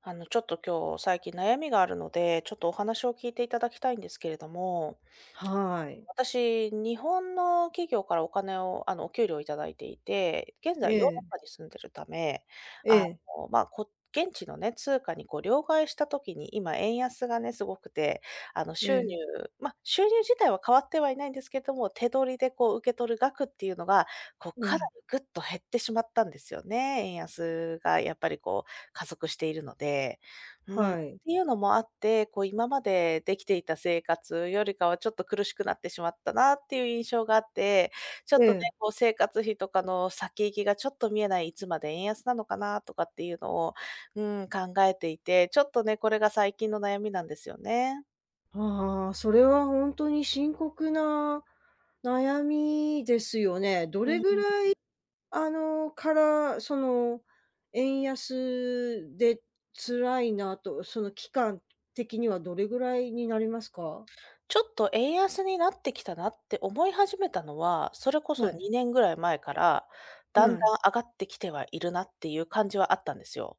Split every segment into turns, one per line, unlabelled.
あの、ちょっと今日、最近悩みがあるので、ちょっとお話を聞いていただきたいんですけれども。
はい。
私、日本の企業からお金を、あの、お給料をいただいていて、現
え
在ヨーロッ
え。
パに住んでるため、
え
あ
え。
の、ま、こう、現地のね、通貨にこう、両替した時に今円安がね、すごくて、あの、
え
収入、
え。
ま、収入自体は変わってはいないんですけども、手取りでこう、受け取る額っていうのが、こう
え
かな
え。
りぐっと減ってしまったんですよね、円安がやっぱりこう、加速しているので。うん、て
はい。
いうのもあって、こう今までできていた生活よりかはちょっと苦しくなってしまったなっていう印象があって、ちょ
え
っとね、
え。
こう生活費とかの先行きがちょっと見えない、いつまで円安なのかなとかっていうのを、うん、考えていて、ちょっとね、これが最近の悩みなんですよね。
ああ、それはほんとに深刻な、悩みですよね。ど
う
れ
ん。
ぐらいあの、から、その、円安で辛いなと、その期間的にはどれぐらいになりますか？
ちょっと円安になってきたなって思い始めたのは、それこ
は
そ
い。
2年ぐらい前から、
う
だんだ
あ
ん
い。
上がってきてはいるなっていう感じはあったんですよ。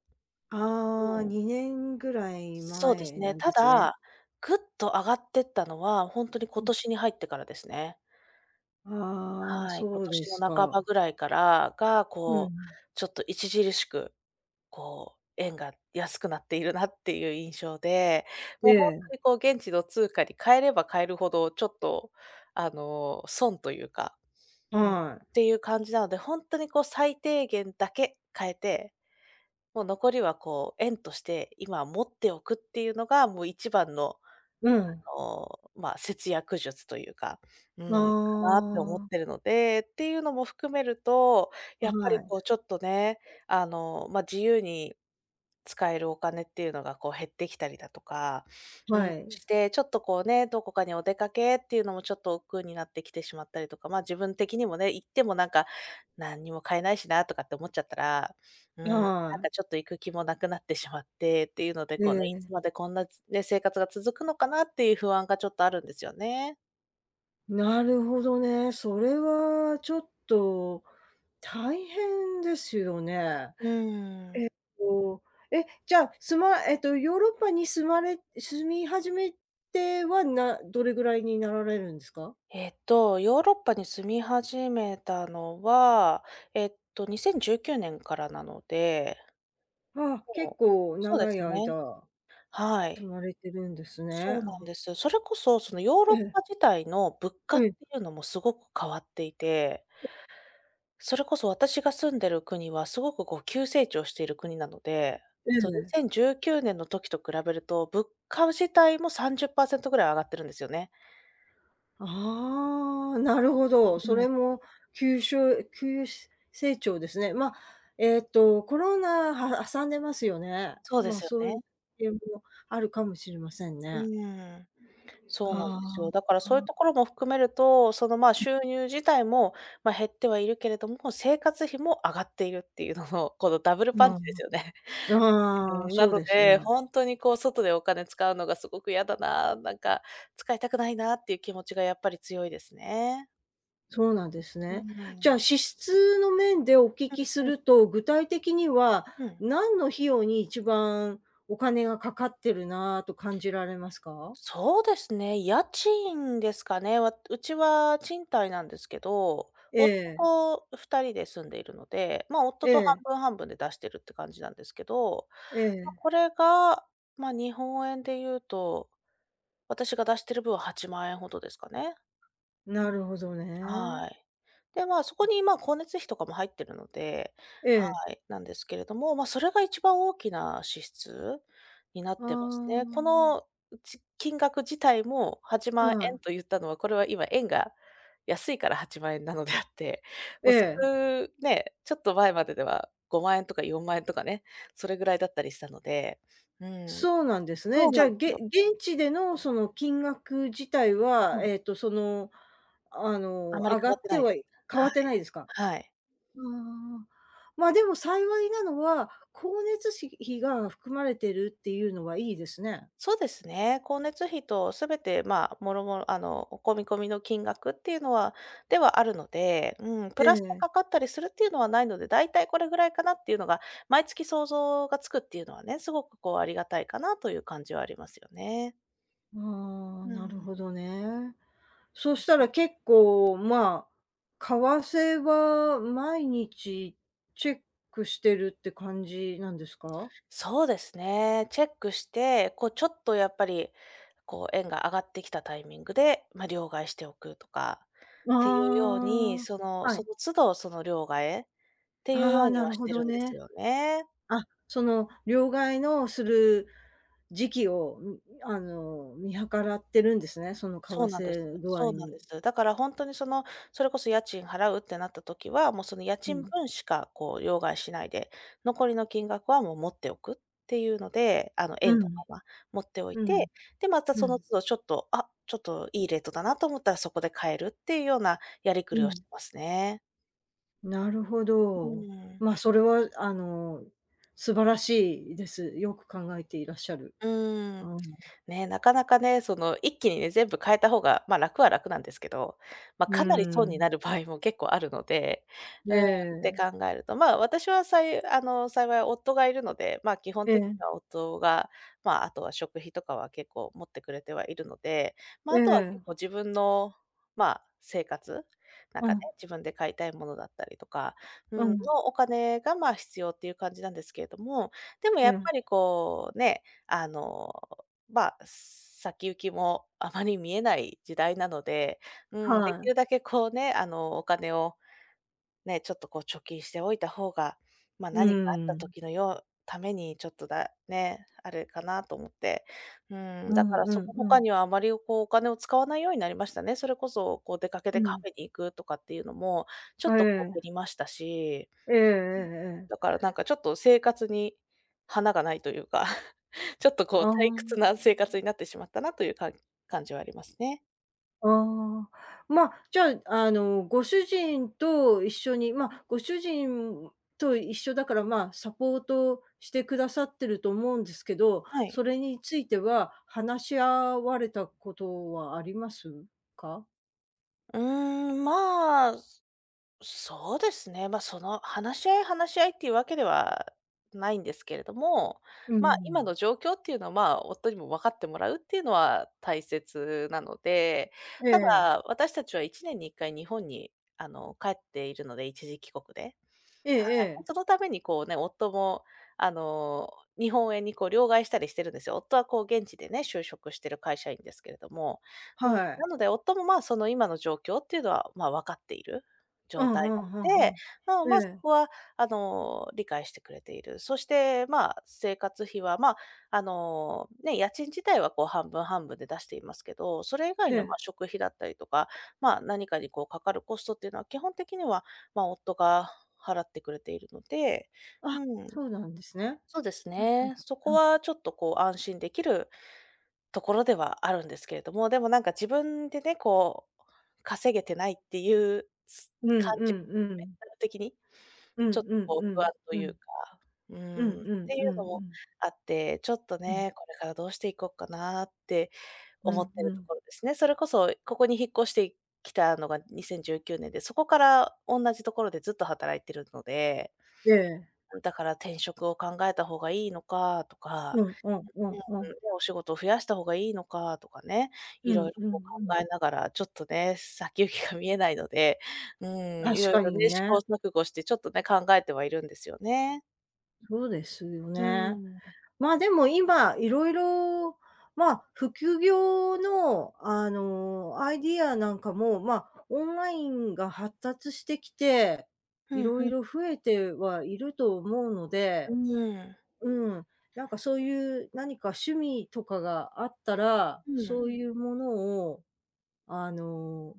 あ
う
あ、
ん。
2年ぐらい
そうで
前
すね。
なん
た
ですね。
だ、ぐっと上がってったのは、ほんとに
う
今
ん。
年に入ってからですね。
ああ、
はい、
そ
今
うで
年
す
の半ば
か。
ぐらいからが、
うんう
こう、
ん。
ちょっと著しく、こう、円が安くなっているなっていう印象で、
え
もうほんと
え。
にこう、現地の通貨に換えれば換えるほど、ちょっとあの、損というか。
はい。
うん、ていう感じなので、ほんとにこう、最低限だけ換えて、もう残りはこう、円として、今は持っておくっていうのが、もう一番の、
うん。
あの、ま、節約術というか、う
あ
ん、かなと思っ
あ。
てるので、ていうのも含めると、
あ、
やっぱ
は
りこう
い。
ちょっとね、あのま、自由に使えるお金っていうのがこう、減ってきたりだとか、うん、
はい。
して、ちょっとこうね、どこかにお出かけっていうのもちょっと億劫になってきてしまったりとか、ま、自分的にもね、行ってもなんか、何にも買えないしなとかって思っちゃったら、うん、なん
はい。
かちょっと行く気もなくなってしまって、ていうので、
え
こうね、いつ
え。
までこんな、つね、生活が続くのかなっていう不安がちょっとあるんですよね。
なるほどね、それはちょっと、大変ですよね。
うん。
えと、え、じゃあ、すまえと、ヨーロッパに住まれ住み始めては、などれぐらいになられるんですか？
えっと、ヨーロッパに住み始めたのは、えっと、2019年からなので。
ああ、結
もう
構
そうで
長い
すね、
間、
はい。
住まれてるんですね。
そうなん
あ。
ですよ。それこそ、そのヨーロ
え
ッ
え。
パ自体の物価っ
え
て
え。
いうのもすごく変わっていて。
え。
それこそ私が住んでる国はすごくこう急成長している国なので、
え
そう、に
え。
せんじゅうきゅうねんの時と比べると、物価自体も30%ぐらい上がってるんですよね。
ああ、なるほど、
う
そ
ん。
れもきゅうしょう急成長ですね。ま、えっと、コロナ、は挟んでますよね。
そうで
まあ、
すよ
そう
ね。
いう もあるかもしれません
う
ね。
ん。そうなんです
ああ。
よ。だから
う
そういう
ん。
ところも含めると、その、まあ、
うん。
収入自体も、ま、減ってはいるけれども、生活費も上がっているっていうのの、このダブル
う
パンチで
ん、
すよね。
あ
う
あ、
ーん、な
そう
の
です
で、
ね。
ほんとにこう外でお金使うのがすごく嫌だな、なんか、使いたくないなっていう気持ちがやっぱり強いですね。
そうなんです
う
ね。
んう
じゃ
ん。
あ、支出の面でお聞
う
きす
んうん。
ると、具体的には、
うん。
何の費用に一番、お金がかかってるなと感じられますか？
そうですね、家賃ですかね、わうちは賃貸なんですけど、
え
夫
え。
と二人で住んでいるので、ま、夫
え
と半
え。
分、半分で出してるって感じなんですけど、
え
ま、
え。
これが、ま、日本円で言うと、私が出してる分は8万円ほどですかね。う
な
ん、うん、
るほどね。
はい。で、ま、そ
う
こ
ん。
に、ま、光熱費とかも入ってるので
え
は
え。
い、なんですけれども、ま、それが一番大きな支出になっ
あ
てますね。こ
あ。
の、うち金額自体もはちまん
あ
えん
い。
と言ったのは、これは今、円が安いから8万円なのであって、
え
もうす
え。
ね、ちょっと前まででは5万円とか4万円とかね、それぐらいだったりしたので。うん。
そうなんです
そ
ね。
う
じ
な
ゃあ、
んす
げ
よ。
現地でのその金額自体
は
は、
い。
えっとそのあの、
あんまり
上
変
が
わっ
っ
て
て
ないで
は
す。
い変わ
は
って
い。
ないですか？
はい。
うああ、ま、でも幸いなのは、光熱し費が含まれてるっていうのはいいですね。
そうですね、光熱費とすべて、ま、もろもろ、あの、お込み込みの金額っていうのはではあるので、うん、プ
え
ラスで
え。
かかったりするっていうのはないので、だいたいこれぐらいかなっていうのが毎月想像がつくっていうのはね、すごくこう、ありがたいかなという感じはありますよね。
ああ、
う
なる
ん。
ほどね。そした
か
ら結構、まあ、為替は毎日チェックしてるって感じなんですか？
そうですね。チェックして、こうちょっとやっぱり、こう円が上がってきたタイミングで、ま、両替しておくとか、ていうように、
あ
そ
あ、
の、
は
そ
い。
の都度、その、両替えっていう
あ
よ
あ、
うに
な
は
る
し
ほ
て
ど
るんです
ね。
よね。
あ、その、両替のする時期を、ん、あの、見計らってるんですね、その、為
そうなんです
替具合
そうなん
に
です。だからほんとにその、それこそ家賃払うってなった時は、もうその家
う
賃
ん。
分しかこう、よう替しないで、残りの金額はもう持っておくっていうので、あの、
う
円の
ん。
まま持っておい
うん、
て、で、また
う
その
ん。
都度ちょっと、あ、ちょっといいレートだなと思ったらそこで替えるっていうようなやりく
う
りを
ん。
しますね。
なるほ
う
ど。
ん。
ま、それは、うあの、素晴らしいです。よく考えていらっしゃる。
うー
あ
ん。
ん。
ね、なかなかね、その、一気にね、全部替えたほうが、まあ、楽は楽なんですけど、まあ
う
かなり損
ー
にな
ん。
る場合も結構あるので。
え
うーん、って
え。
考えると、ま、私はさいあの、幸い夫がいるので、ま、基本
え
てに
え。
は夫がまあ、あとは食費とかは結構持ってくれてはいるので、
え
ま、あとは結構
え。
自分の、ま、生活、なん
う
かね、
ん。
自分で買いたいものだったりとか、う
う
ん、の
ん。
お金が、ま、必要っていう感じなんですけれども、でもや
う
っぱ
あ。
りこうね、あの、ま、す先行きもあまり見えない時代なので、うん、で
は
き
い。
るだけこうね、あの、お金をね、ちょっとこう貯金しておいたほうが、ま、
う
何かあった
ーん。
時のようためにちょっとだね、あるかなと思って。うーん、
う
だ
ん
から
う
そ
ん
こ
う
他
ん。
にはあまり、こう、お金を使わないようになりましたね。それこそ、こう出かけて
う
カ
ん。
フェに行くとかっていうのも、ちょ
あ、
っとこう
え
減
え。
りましたし、
えええええ
う
え。
ん、だからなんかちょっと生活に華がないというか、ちょっとこう
あ
退屈な生活
あ。
になってしまったなというかん感じはありますね。
ああ、ま、じゃあ、あのご主人と一緒にま、ご主人と一緒だから、ま、サポートしてくださってると思うんですけど、
はい。
それについては、話し合われたことはありますか？
うーん、ま、すそうですね。ま、その話し合い話し合いっていうわけではないんですけれども、
う
ま、今
ん。
の状況っていうのは、ま、夫にもわかってもらうっていうのは大切なので、
え
た
え。
だ私たちは1年に1回日本に、あの、帰っているので、一時帰国で。はい。
ええええ。
そのためにこうね、夫もあの日本円にこう両替したりしてるんですよ。夫はこう現地でね、就職してる会社員ですけれども。う
は
ん、
い。
なので、夫も、ま、その今の状況っていうのは、ま、分かっている
う
状
んう
態
ん、ふ
な
ん
の
ふ
で、
ん、
うん、
え
ま、そ
え。
こはあの、理解してくれている。そして、ま、生活費は、ま、あのね、家賃自体はこう半分、半分で出していますけど、それ以外
え
の、ま、
え。
食費だったりとか、ま、何かにこうかかるコストっていうのは基本的には、ま、夫が払ってくれているので、
あ、
うん。
そうなんですね。
そうです
はいはい。
ね、そ
う
こ
ん。
はちょっとこう安心できるところではあるんですけれども、でもなんか自分でね、こう稼げてないっていう、つ
う
感
んう
じ
んうん。
的に
うん
ちょっと
うん
こ
う
う不
ん、
安と
う
い
ん。
うか。うん、
うんうん
てい
う
うの
んう
も
ん。
あって、ちょっと
うん。
ね、これからどうしていこっかなって
う
思っ
ん、
て
う
ると
ん。
ころですね。それこそここに引っ越してきたのが2019年で、そこからおんなじところでずっと働いてるので。
ええ。
ん、だから転職を考えたほうがいいのかと
う
か、
ん、おんおんおん。
うん、お仕事を増やした方がいいのかとかね、
う
いろ
ん
いろ
うん
こ
う
う
ん。
考えながら、ちょっとね、先行きが見えないので、うん、い
確
ろい
か
ろ
に
ね、試
ね。
行錯誤してちょっとね、考えてはいるんですよね。
そうですよ
う
ね。
ーん。
まあでも今いろいろ、まあ、副業の、あの、アイディアなんかも、まあ、オンラインが発達してきて、
ふ
い
ん
ろ
ふ
い
ん。
ろ増えてはいると思うの
う
で。
ーん。
うん、なんか、そういう、何か趣味とかがあったら、
うー
そう
ん。
いうものを、あの、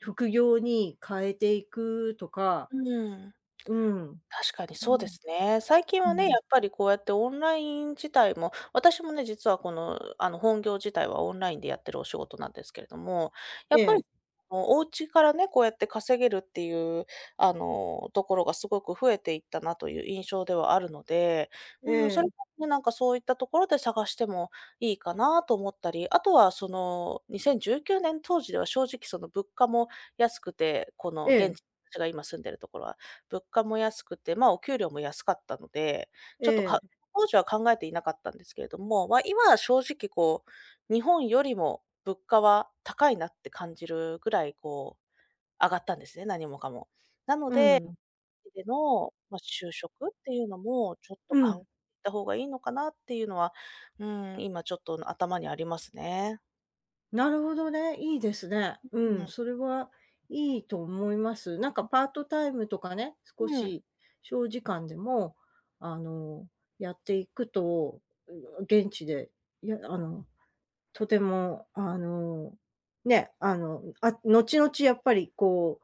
副業に変えていくとか。
うーん。
うん、
確かに
うん、
そうですね。最近
う
はね、や
ん。
っぱりこうやってオンライン自体も、私もね、実は、この、あの、本業自体はオンラインでやっているお仕事なんですけれども、
え
やっぱ
え。
り、もう、お家からね、こうやって稼げるっていう、あの、ところがすごく増えていったなという印象ではあるので、う
え
ーん、それ
え。
こそ、なんか、そういったところで探しても、いいかなあと思ったり、あとは、その、2019年当時では正直、その、物価も安くて、この
え
現
え。
時、たちが今住んでいるところは、物価も安くて、ま、お給料も安かったので、ちょっと
え
か
え。
当時は考えていなかったんですけれども、ま、今は正直、こう、日本よりも物価は高いなって感じるぐらい、こう、上がったんですね、何もかも。なの
うー
で、
ん。
でのま、就職っていうのもちょっと
う
かん、
ん。
た方がいいのかなっていうのは、うーん、今ちょっと頭にありますね。
なるほどね、いいですね。
う、
う
う
ん、
ん。
それはいいと思います。なんか、
うん。
パートタイムとかね、
う
少
ーん。
し小時間でも、あの、やっていくと、うん、現地で、いや、あの、とても、あの、ね、あの、あ、後々やっぱり、こ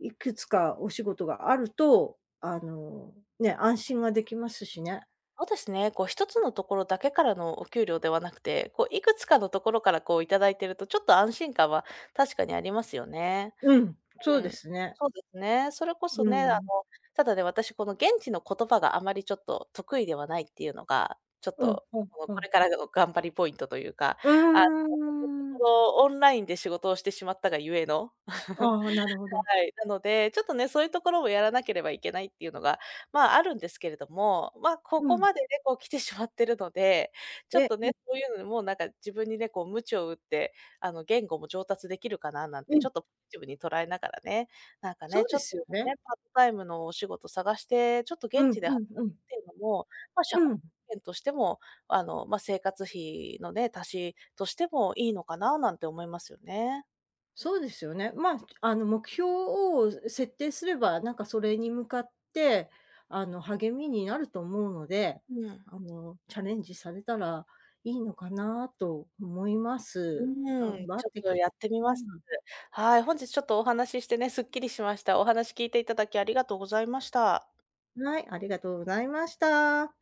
う、いくつかお仕事があると、あ
うん。
の、ね、安心はできますしね。
そうですね、こう、1つのところだけからのお給料ではなくて、こう、いくつかのところからこういただいてると、ちょっと安心感は確かにありますよね。
うん、そ
う
う
ー
で
ん、
すね。
そうですね、それこ
う
そね、あの、
ーん。
ただね、私この現地の言葉があまり、ちょっと、得意ではないっていうのが、ちょっ
うん、
と、
ふん、
こう、
う
こ
ん。
れからの頑張りポイントというか、
う
あの、と
ー
こ
ん。
ろオンラインで仕事をしてしまったがゆえの
ああ、なるほ ど。
はい、なので、ちょっと、ね、そういうところもやらなければいけないっていうのが、まあ、あるんですけれども、ま、こ
う
こ
ん。
までね、こう来てしまってるので、ちょっ
え、
と、
うん。
ね、そういうのでもうなんか自分にね、こう鞭を打って、あの、言語も上達できるかななん
う
て、ち
ん。
ょっと、ポジティブに捉えながらね、なんか
そ
ね、
う
ち
で
ょっと、
すよ
こうね、
ね。
パートタイムのお仕事探して、ちょっと、
う
現
ん、
地で
う
働
ん、
く
う
っ
ん。
ていうのも、ま、社
う
会
ん。
保険としても、あの、ま、生活費のね、足しとしてもいいのかななんて思いますよね。
そうですよね。まあ、あの、目標を設定すれば、なんか、それに向かって、あの、励みになると思うので、
うーん。
あの、チャレンジされたらいいのかなと思いま
う
す。
ー
頑
ん、
張
ち
っ
ょっ
て
と、
く、
やってみ
さ
ます。
い。
はい、本日ちょっとお話ししてね、すっきりしました。お話聞いていただき、ありがとうございました。
はい、ありがとうございました。